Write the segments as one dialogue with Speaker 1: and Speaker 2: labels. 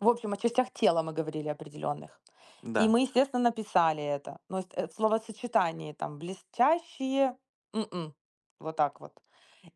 Speaker 1: В общем, о частях тела мы говорили определённых, и
Speaker 2: Да.
Speaker 1: мы, естественно, написали это. Но и ст э, в словосочетании там блестящие, м-м, вот так вот.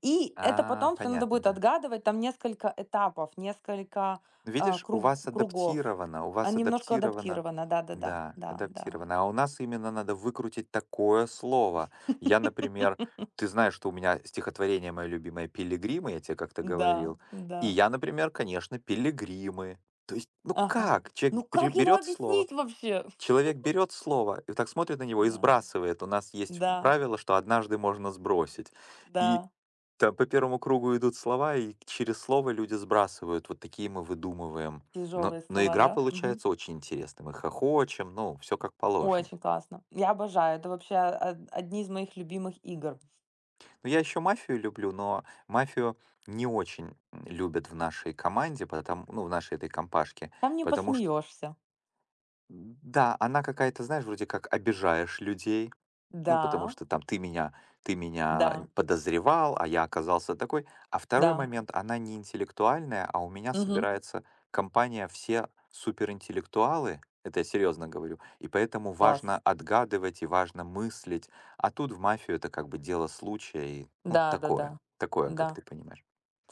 Speaker 1: И это
Speaker 2: А,
Speaker 1: потом всё надо
Speaker 2: понятно,
Speaker 1: будет
Speaker 2: да.
Speaker 1: отгадывать, там несколько этапов, несколько, а,
Speaker 2: Видишь, у
Speaker 1: круг
Speaker 2: вас
Speaker 1: кругов,
Speaker 2: адаптировано, у
Speaker 1: а, н
Speaker 2: вас
Speaker 1: немножко
Speaker 2: адаптировано.
Speaker 1: адаптировано, да-да-да,
Speaker 2: Да,
Speaker 1: да да.
Speaker 2: адаптировано. А у нас именно надо выкрутить такое слово. Я, например ты знаешь, что у меня стихотворение моё любимое "Пилигримы", я те как-то
Speaker 1: Н-да,
Speaker 2: говорил.
Speaker 1: н-да.
Speaker 2: И я, например, конечно, "Пилигримы". То есть, ну
Speaker 1: Ага.
Speaker 2: как? Чек
Speaker 1: Ну,
Speaker 2: пре
Speaker 1: как ему
Speaker 2: берёт слово.
Speaker 1: объяснить вообще?
Speaker 2: Человек берёт слово, и вот так смотрит на него, и
Speaker 1: Да,
Speaker 2: сбрасывает. У нас есть
Speaker 1: да.
Speaker 2: правило, что однажды можно сбросить. И
Speaker 1: Да.
Speaker 2: там по первому кругу идут слова, и через слово люди сбрасывают. Вот такие мы выдумываем. Но
Speaker 1: Тяжелые
Speaker 2: но
Speaker 1: слова,
Speaker 2: игра
Speaker 1: да? Мгм.
Speaker 2: получается очень интересной. Мы хохочем, ну, всё как положено.
Speaker 1: Очень классно. Я обожаю, это вообще а а одни из моих любимых игр.
Speaker 2: Но я ещё "Мафию" люблю, но "Мафию" не очень, м, любят в нашей команде, поэтом, ну, в нашей этой компашке,
Speaker 1: Там не
Speaker 2: потому чт
Speaker 1: посмеёшься.
Speaker 2: Да, она какая-то, знаешь, вроде как обижаешь людей, ну, потому
Speaker 1: Да.
Speaker 2: что там ты меня ты меня нь
Speaker 1: Да.
Speaker 2: подозревал, а я оказался такой. А второй
Speaker 1: Да.
Speaker 2: момент: она не интеллектуальная, а у меня
Speaker 1: Мгм.
Speaker 2: собирается компания, все суперинтеллектуалы, это я серьёзно говорю, и поэтому
Speaker 1: Класс.
Speaker 2: важно отгадывать и важно мыслить. А тут в мафию это как бы дело случая и, ну, такое
Speaker 1: Да-да-да,
Speaker 2: такое, как
Speaker 1: н-да.
Speaker 2: ты понимаешь.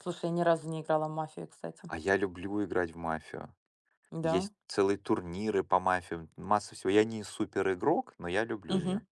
Speaker 1: Слушай, я ни разу не играла в мафию, кстати.
Speaker 2: А я люблю играть в "Мафию".
Speaker 1: Да.
Speaker 2: Есть целые турниры по "Мафиям". Масса всего. Я не супер-игрок, но я люблю
Speaker 1: Мгм.
Speaker 2: её.